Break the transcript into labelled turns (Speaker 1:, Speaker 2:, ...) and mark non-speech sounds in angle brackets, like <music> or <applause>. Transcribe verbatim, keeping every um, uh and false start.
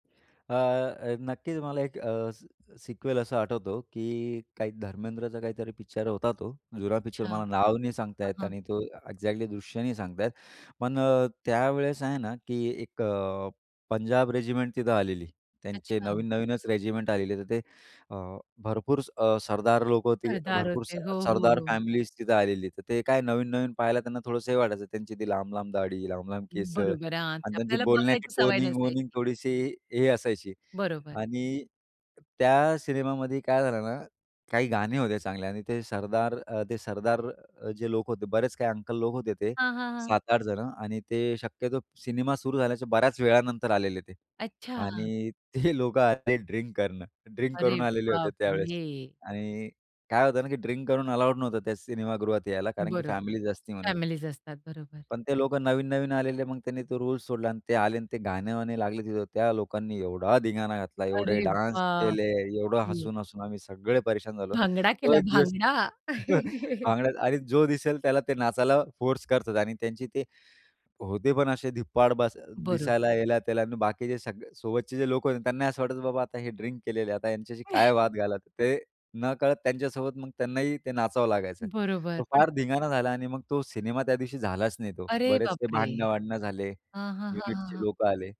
Speaker 1: अ, अ, नक्कीच मला एक अ, सिक्वेल असं आठवतो, की काही धर्मेंद्रचा काहीतरी पिक्चर होता तो. जुना पिक्चर
Speaker 2: अच्छा.
Speaker 1: मला नाव नाही सांगता
Speaker 2: अ,
Speaker 1: येत
Speaker 2: हं.
Speaker 1: आणि तो एक्झॅक्टली दृश्य नाही सांगता येत. पण अ, त्यावेळेस आहे ना, की एक अ, पंजाब रेजिमेंट तिथं आलेली. त्यांचे
Speaker 2: अच्छा.
Speaker 1: नवीन-नवीनच रेजिमेंट आलेली. तर ते अ, भरपूर अ, सरदार लोकं, ते
Speaker 2: सरदार
Speaker 1: भरपूर
Speaker 2: होते.
Speaker 1: अ,
Speaker 2: हो, हो,
Speaker 1: सरदार
Speaker 2: हो.
Speaker 1: फॅमिलीज तिथं आलेली. तर ते काय नवीन-नवीन पाहायला त्यांना थोडंसं हे वाटायचं, त्यांची ते लांब-लांब दाढी, लांब-लांब केसं.
Speaker 2: बरोबर आहे. हां. ती
Speaker 1: आणि त्यांची
Speaker 2: आपल्याला
Speaker 1: बोलण्याची
Speaker 2: बघायची सवय नसते
Speaker 1: टोनिंग-वनिंग
Speaker 2: ती.
Speaker 1: थोडीशी हे असायची.
Speaker 2: बरोबर.
Speaker 1: आणि त्या सिनेमामध्ये काय झालं ना? काही गाणी होत्या चांगल्या आणि ते सरदार, अ, ते सरदार जे लोकं होते, बरेच काही अंकल लोक होते ते
Speaker 2: हां, हां, हां.
Speaker 1: सात आठ जणं आणि ते शक्यतो सिनेमा सुरू झाल्याच्या बऱ्याच वेळानंतर आलेले ते.
Speaker 2: अच्छा.
Speaker 1: आणि ते लोकं आले ड्रिंक करणं, ड्रिंक
Speaker 2: अरे
Speaker 1: करून आलेले होते त्यावेळेस.
Speaker 2: बापरे!
Speaker 1: आणि काय होतं ना की ड्रिंक करून अलाउड नव्हतं त्या सिनेमागृहात यायला कारण की
Speaker 2: बरोबर.
Speaker 1: फॅमिलीज असती म्हणून.
Speaker 2: फॅमिलीज असतात बरोबर.
Speaker 1: पण ते लोक नवीन-नवीन आलेले. मग त्यांनी तो रुल्स सोडला आणि ते आले आणि ते गाणे-वाणे लागले तिथं. त्या लोकांनी एवढा धिंगाणा घातला, एवढे
Speaker 2: अरे
Speaker 1: डान्स
Speaker 2: वा!
Speaker 1: केले, एवढं
Speaker 2: हं.
Speaker 1: हसून-हसून आम्ही सगळे परेशान झालो.
Speaker 2: भांगडा
Speaker 1: तो
Speaker 2: केला
Speaker 1: एक दिवस
Speaker 2: भांगडा.
Speaker 1: <chuckles>
Speaker 2: <chuckles>
Speaker 1: भांगडा आणि जो दिसेल त्याला ते नाचायला फोर्स करत होते आणि त्यांची ते होते पण असे धिप्पाड, बस
Speaker 2: बरो
Speaker 1: दिसायला ह्याला त्याला. आणि बाकीचे सगळे सोबतचे जे लोक होते, त्यांना असं वाटायचं बाबा आता हे ड्रिंक केलेलं आहे. आता ह्यांच्याशी काय वाद
Speaker 2: <chuckles>
Speaker 1: घालावा? ते नकळत त्यांच्यासोबत मग त्यांनाही ते नाचावं लागायचं.
Speaker 2: बरोबर
Speaker 1: तो
Speaker 2: पण
Speaker 1: फार धिंगाणा झाला आणि मग तो सिनेमा त्या दिवशी झालाच नाही तो.
Speaker 2: अरे
Speaker 1: बरेच ते
Speaker 2: बापरे!
Speaker 1: भांडणं-वांडणं झाले,
Speaker 2: हां, हां, हां, हां,
Speaker 1: युनिटचे
Speaker 2: हां.
Speaker 1: लोकं आले.